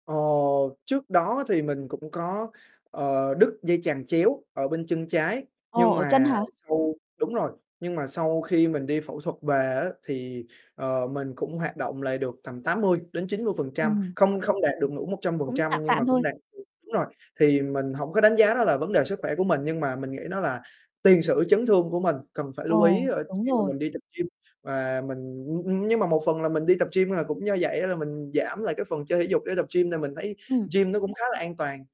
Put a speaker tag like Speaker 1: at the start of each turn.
Speaker 1: Ờ, trước đó thì mình cũng có, ờ, đứt dây chằng chéo ở bên chân trái,
Speaker 2: Ồ,
Speaker 1: nhưng
Speaker 2: ở chân
Speaker 1: mà
Speaker 2: hả?
Speaker 1: sau đúng rồi, nhưng mà sau khi mình đi phẫu thuật về á thì, ờ, mình cũng hoạt động lại được tầm 80-90%
Speaker 2: Ừm.
Speaker 1: không không đạt được đủ một trăm phần
Speaker 2: Cũng
Speaker 1: trăm
Speaker 2: tạm
Speaker 1: nhưng mà
Speaker 2: tạm
Speaker 1: cũng
Speaker 2: thôi.
Speaker 1: đạt được đúng rồi, thì mình hổng có đánh giá đó là vấn đề sức khỏe của mình. Nhưng mà mình nghĩ đó là tiền sử chấn thương của mình, cần phải lưu ý,
Speaker 2: Ồ,
Speaker 1: ờ,
Speaker 2: đúng
Speaker 1: khi mà
Speaker 2: rồi.
Speaker 1: mình đi tập gym và mình luôn nhưng mà một phần là mình đi tập gym, à, cũng do vậy á là mình giảm lại cái phần chơi thể dục để tập gym là mình thấy
Speaker 2: Ừm.
Speaker 1: gym nó cũng khá là an toàn.